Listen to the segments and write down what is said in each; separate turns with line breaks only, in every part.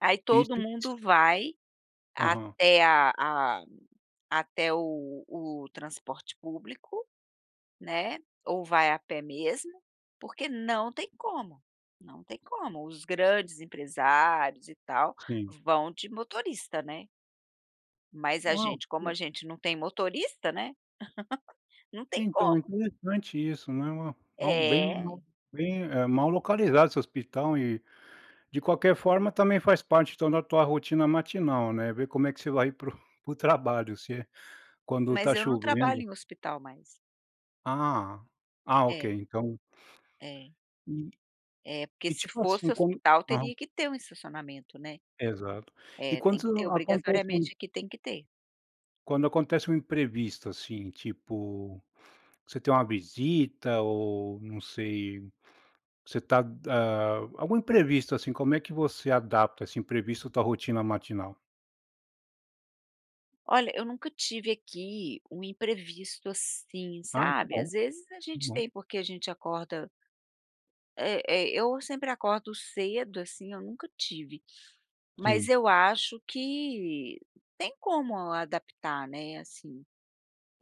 Aí todo
Isso
mundo vai
Aham.
até a a até o o transporte público, né. Ou vai a pé mesmo, porque não tem como. Não tem como. Os grandes empresários e tal
Sim.
vão de motorista, né. Mas a
Uau!
gente como a
Que
gente não tem motorista, né. Não tem
Então, é
como.
interessante isso, né, eh, é um bem
É!
bem, eh, mal localizado esse hospital e, de qualquer forma, também faz parte, então, da tua rotina matinal, né. Ver como é que você vai para o para o trabalho, se é quando
Mas
tá
eu não trabalho
chovendo.
em hospital mais.
Ah, ah, OK,
É
então
É.
E
É, porque
e,
se
tipo assim,
fosse
como
hospital
aham.
teria que ter um estacionamento, né.
Exato. E
É tem que ter,
quando acontece um
obrigatoriamente, aqui tem que ter.
quando acontece um imprevisto, assim, tipo, você tem uma visita ou não sei. Você tá, hã algum imprevisto, assim. Como é que você adapta esse imprevisto à tua rotina matinal?
Olha, eu nunca tive, aqui, um imprevisto, assim,
Ai, que
sabe.
bom.
Às vezes, a
Que
gente
bom.
tem porque a gente acorda Eh eh, eu sempre acordo cedo, assim, eu nunca tive. Mas,
Sim.
eu acho que tem como adaptar, né, assim.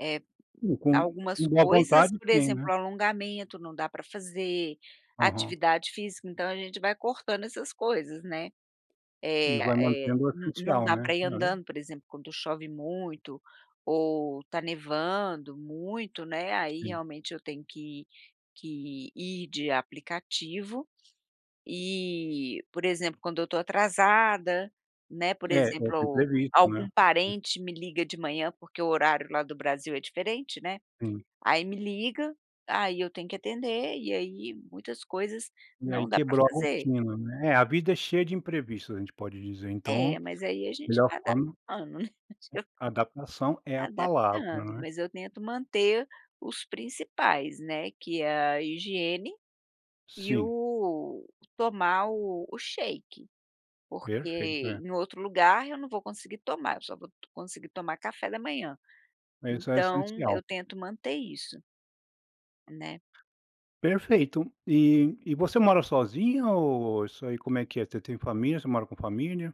Eh,
E com
algumas
com boa
coisas,
vontade,
por
tem,
exemplo,
né.
o alongamento, não dá para fazer.
Aham.
Atividade física, então, a gente vai cortando essas coisas, né.
E
Eh
vai
eh,
mantendo o
não não
essencial,
dá
né
pra ir
né.
andando, por exemplo, quando chove muito ou tá nevando muito, né, aí,
Sim.
realmente, eu tenho que que ir de aplicativo e, por exemplo, quando eu tô atrasada, né, por
É. Eu
exemplo,
fui
ou
previsto,
algum
né né.
parente me liga de manhã, porque o horário lá do Brasil é diferente, né.
Sim.
Aí me liga. Aí, eu tenho que atender e aí muitas coisas
E aí
não dá pra
quebrou a
fazer.
rotina, né. É, a vida é cheia de imprevistos. A gente pode dizer, então
É, mas aí a gente
melhor
vai
forma hum,
adaptando, né.
adaptação é a palavra,
Adaptando.
não é.
Mas, eu tento manter os principais, né, que é a higiene e
Sim.
o tomar o o shake, porque
Perfeito. É.
em outro lugar, eu não vou conseguir tomar. Eu só vou conseguir tomar café da manhã.
Mas isso é
Então,
essencial.
eu tento manter isso né.
Perfeito. E e você mora sozinha ou isso aí, como é que é? Te tem família você mora com família?